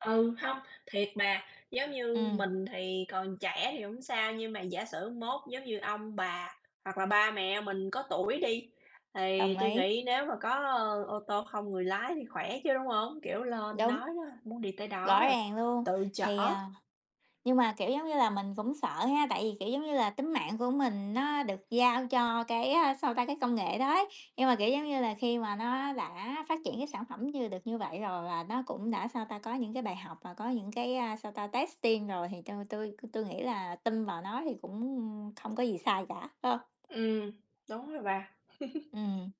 Ừ, hông, thiệt bà, giống như Ừm. mình thì còn trẻ thì hổng sao, nhưng mà giả sử mốt giống như ông bà hoặc là ba mẹ mình có tuổi đi, thì Đồng tui ý. nghĩ nếu mà có ô tô không người lái thì khỏe chứ, đúng hông? Kiểu, lên Đúng. nói đó muốn đi tới Rõ đó là ràng luôn, tự thì, chở. à, nhưng mà, kiểu, giống như là, mình cũng sợ ha, tại vì, kiểu, giống như là, tính mạng của mình nó được giao cho cái, á, sao ta, cái công nghệ đó ấy, nhưng mà, kiểu, giống như là, khi mà nó đã phát triển cái sản phẩm như được như vậy rồi và nó cũng đã, sao ta, có những cái bài học và có những cái, ờ, sao ta, testing rồi thì tui tui tui nghĩ là tin vào nó thì cũng không có gì sai cả, phải hông? Ừm, đúng rồi bà. Ừm,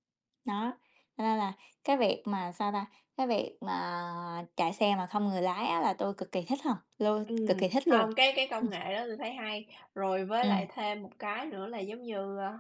đó, cho nên là cái việc mà, sao ta, cái việc mà chạy xe mà không người lái á là tôi cực kỳ thích ha, luôn cực Ừm, kì thích luôn. hông, cái cái Ừm. công nghệ đó tui thấy hay, rồi với lại Ừm. thêm một cái nữa là, giống như, à,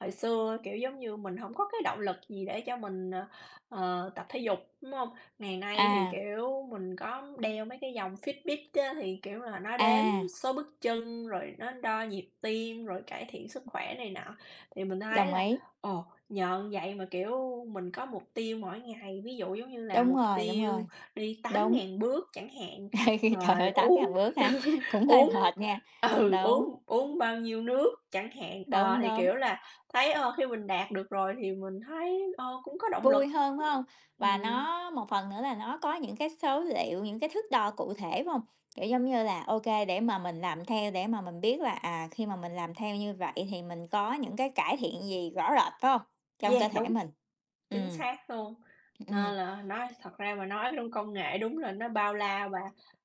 hồi xưa, kiểu, giống như, mình hổng có cái động lực gì để cho mình, ờ, ờ, tập thể dục, đúng hông? Ngày nay thì, À. kiểu, mình có đeo mấy cái dòng Fitbit á thì, kiểu, là nó đếm À. số bước chân, rồi nó đo nhịp tim, rồi cải thiện sức khỏe này nọ. Thì mình thấy Đồng là ấy. ồ, nhờ như vậy mà, kiểu, mình có mục tiêu mỗi ngày, ví dụ giống như là Đúng mục rồi, đúng tiêu rồi, đi tám đúng. ngàn bước chẳng hạn, Khi trời rồi ơi, tám uống ngàn bước hả? Cũng hơi uống mệt nha, ừ đúng. uống uống bao nhiêu nước chẳng hạn, ờ, Đúng, thì, đúng. kiểu là, thấy, ơ, khi mình đạt được rồi thì mình thấy, ờ, cũng có động lực. Vui hơn, phải hông? Và Ừm. nó một phần nữa là nó có những cái số liệu, những cái thước đo cụ thể, phải hông? Kiểu, giống như là, ô kê để mà mình làm theo để mà mình biết là, à, khi mà mình làm theo như vậy thì mình có những cái cải thiện gì rõ rệt, phải không? Trong Yeah, cơ thể đúng, mình. chính Ừm. xác luôn. Ừm, ừm. Nên là nói thật ra mà nói luôn công nghệ đúng là nó bao la và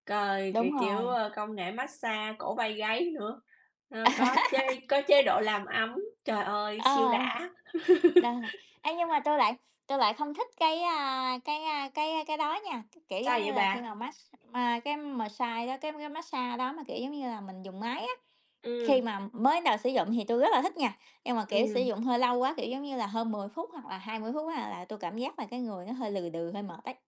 cời c Đúng kiểu, rồi. ơ, công nghệ mát-xa cổ vai gáy nữa, ờ, có chế có chế độ làm ấm, trời ơi siêu Ờ. đã. Đ ê, nhưng mà tôi lại tôi lại không thích cái, a, cái, a, cái cái đó nha, cái kiểu, Sao giống vậy như là, khi bà? mà mát x ma cái mờ sai đó cái cái mát-xa đó mà, kiểu, giống như là, mình dùng máy á, khi Ừm. mà mới đến đầu sử dụng thì tôi rất là thích nha, nhưng mà, kiểu, sử Ừm. dụng hơi lâu quá, kiểu, giống như là, hơn 10 phút hoặc là 20 phút á là tui cảm giác là cái người nó hơi lừ đừ, hơi mệt ấy.